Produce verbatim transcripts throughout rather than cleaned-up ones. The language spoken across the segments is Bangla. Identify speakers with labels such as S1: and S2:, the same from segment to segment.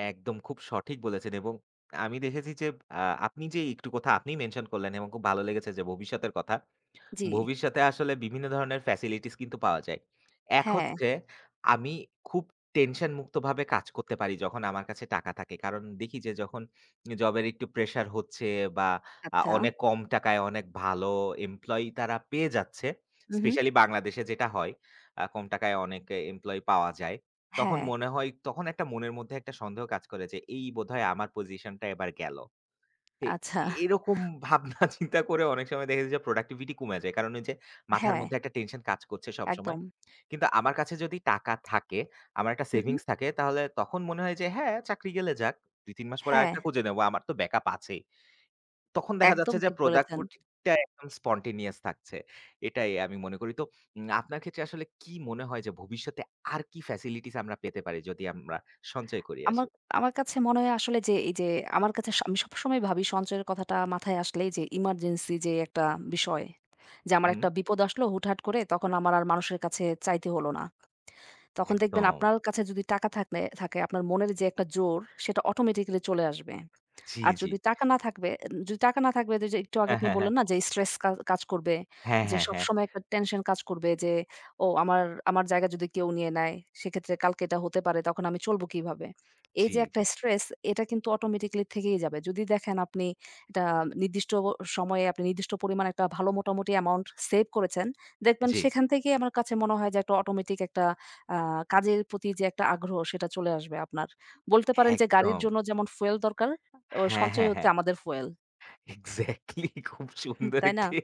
S1: একদম খুব সঠিক বলেছেন, এবং আ আমি দেখেছি যে, আহ আপনি যে একটু কথা আপনি মেনশন করলেন, এবং খুব ভালো লেগেছে যে ভবিষ্যতের কথা।
S2: জি।
S1: ভবিষ্যতে আসলে বিভিন্ন ধরনের ফেসিলিটিস কিন্তু পাওয়া যায়। এক
S2: হ্যাঁ।
S1: হচ্ছে, আমি খুব টেনশনমুক্তভাবে কাজ করতে পারি, যখন আমার কাছে টাকা থাকে। কারণ দেখি যে, যখন এ জবের একটু প্রেশার হচ্ছে বা আ
S2: আচ্ছা।
S1: অনেক কম টাকায় অনেক ভালো এমপ্লয়ি তারা পেয়ে যাচ্ছে,
S2: উহু।
S1: স্পেশালি বাংলাদেশে যেটা হয়। আ কম টাকায় অনেক এ এমপ্লয়ি পাওয়া যায়। তখন
S2: হ্যাঁ।
S1: মনে হয়, তখন একটা মনের মধ্যে একটা সন্দেহ কাজ করে যে, এই বোধহয় আমার পজিশনটা এবার গেলো। এ
S2: আচ্ছা।
S1: এরকম ভাবনা চিন্তা করে অনেক সময় দেখেছি যে, প্রোডাক্টিভিটি কমে যায়। কারণ, ওইযে মাথার
S2: হ্যাঁ।
S1: মধ্যে একটা টেনশন কাজ করছে সবসময়।
S2: একদম।
S1: কিন্তু আমার কাছে যদি টাকা থাকে, আমার একটা
S2: হু, হু।
S1: সেভিংস থাকে, তাহলে তখন মনে হয় যে, হ্যাঁ, চাকরি গেলে যাক। দুই, তিন মাস পরে আরেকটা
S2: হ্যাঁ।
S1: খুঁজে নেব। আমার তো ব্যাকআপ আছেই। তখন দেখা
S2: একদম
S1: যাচ্ছে যে,
S2: ঠিক বলেছেন।
S1: প্রোদাককুদিটা একদম spontaneous থাকছে। এটাই আমি মনে করি। তো উম আপনার ক্ষেত্রে আসলে কী মনে হয় যে, ভবিষ্যতে আর কী ফেসিলিটিস আমরা পেতে পারি, যদি আমরা সঞ্চয় করি আসি?
S2: আমাক আমার কাছে মনে হয়, আসলে যে এইযে, আমার কাছে স আমি সবসময় ভাবি সঞ্চয়ের কথাটা মাথায় আসলেই যে, ইমার্জেন্সি যে একটা বিষয়। যে
S1: হুম,
S2: আমার
S1: হুম।
S2: একটা বিপদ আসলো হুটহাট করে, তখন আমার আর মানুষের কাছে চাইতে হলো না। তখন দেখবেন,
S1: একদম।
S2: আপনার কাছে যদি টাকা থাকলে থাকে, আপনার মনের যে একটা জোর, সেটা অটোমেটিক্যালি চলে আসবে।
S1: জি,
S2: আর
S1: জি।
S2: যদি টাকা না থাকবে এ উম যদি টাকা না থাকবে, একটু আগে
S1: হ্যাঁ,
S2: আপনি
S1: হ্যাঁ, হ্যাঁ।
S2: বললেন না যে, "স্ট্রেস কা কাজ করবে।
S1: হ্যাঁ,
S2: যে
S1: হ্যাঁ, হ্যাঁ
S2: সবসময় একটা টেনশন কাজ করবে, যে ও আমার আমার জায়গা যদি কেউ নিয়ে নেয়, সেক্ষেত্রে কালকে এটা হতে পারে। তখন আমি চলবো কীভাবে?"
S1: জি,
S2: এইযে একটা
S1: জি।
S2: স্ট্রেস, এটা কিন্তু অটোমেটিক্যালি থেকেই যাবে। যদি দেখেন, আপনি এটা নির্দিষ্ট অ সময়ে আপনি নির্দিষ্ট পরিমাণে ভালো মোটামুটি অ্যামাউন্ট সেভ করেছেন, দেখবেন
S1: জি।
S2: সেখান থেকেই আমার কাছে মনে হয় একটা অটোমেটিক একটা আ কাজের প্রতি যে একটা আগ্রহ, সেটা চলে আসবে আপনার। বলতে পারেন যে, গাড়ির
S1: একদম।
S2: জন্য যেমন fuel দরকার, আ
S1: হ্যাঁ,
S2: সঞ্চয়
S1: হ্যাঁ,
S2: হচ্ছে
S1: হ্যাঁ।
S2: আমাদের fuel।
S1: এক্সাক্টলি, খুব
S2: হুম।
S1: সুন্দর
S2: তাই না?
S1: একটি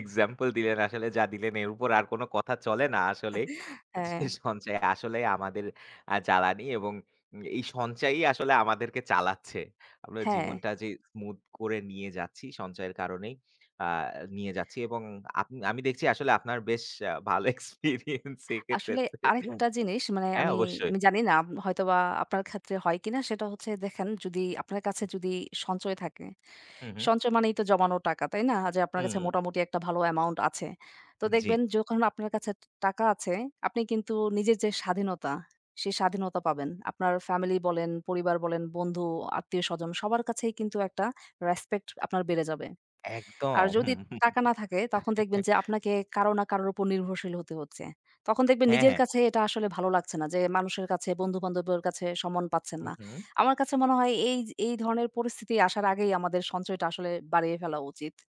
S1: এক্সাম্পল দিলেন। আসলে যা দিলেন, এর উপর আর কোনো কথা চলে না আসলেই।
S2: হ্যাঁ।
S1: যে সঞ্চয় আসলেই আমাদের আ জ্বালানি এবং এ এই সঞ্চয়ই আমাদেরকে চালাচ্ছে। আমরা
S2: হ্যাঁ।
S1: জীবনটা যে smooth করে নিয়ে যাচ্ছি, সঞ্চয়ের কারণেই আ নিয়ে যাচ্ছি। এবং আপনি আমি দেখছি, আসলে আপনার বেশ আ ভালো এক্সপেরিয়েন্স এক্ষেত্রে।
S2: আসলে আরেকটা জিনিস মানে
S1: হ্যাঁ,
S2: আমি
S1: অবশ্যই।
S2: আমি জানি না, আম হয়তোবা আপনার ক্ষেত্রে হয় কিনা? সেটা হচ্ছে, দেখেন, যদি আপনার কাছে যদি সঞ্চয় থাকে।
S1: হু, হু।
S2: সঞ্চয় মানেই তো জমানো টাকা, তাই না? আ যে আপনার কাছে
S1: হুম।
S2: মোটামুটি একটা ভালো অ্যামাউন্ট আছে। তো দেখবেন,
S1: জি।
S2: যখন আপনার কাছে ট টাকা আছে, আপনি কিন্তু নিজের যে স্বাধীনতা, সেই স্বাধীনতা পাবেন। আপনার ফ্যামিলি বলেন, পরিবার বলেন, বন্ধু, আত্মীয়-স্বজন সবার কাছেই কিন্তু একটা রেসপেক্ট আপনার বেড়ে যাবে। আর
S1: একদম।
S2: যদি টাকা না থাকে, তখন দেখবেন যে আপনাকে কারো না কারোর উপর নির্ভরশীল হতে হচ্ছে। তখন দেখবেন,
S1: হ্যাঁ,
S2: নিজের
S1: হ্যাঁ।
S2: কাছে এটা আসলে ভালো লাগছে না যে মানুষের কাছে, বন্ধুবান্ধবের কাছে সম্মন পাচ্ছেন
S1: হু,
S2: না।
S1: হু।
S2: আমার কাছে মনে হয়, এইয এই ধরনের পরিস্থিতি আসার আগেই আমাদের সঞ্চয়টা আসলে বাড়িয়ে ফেলা উচিত।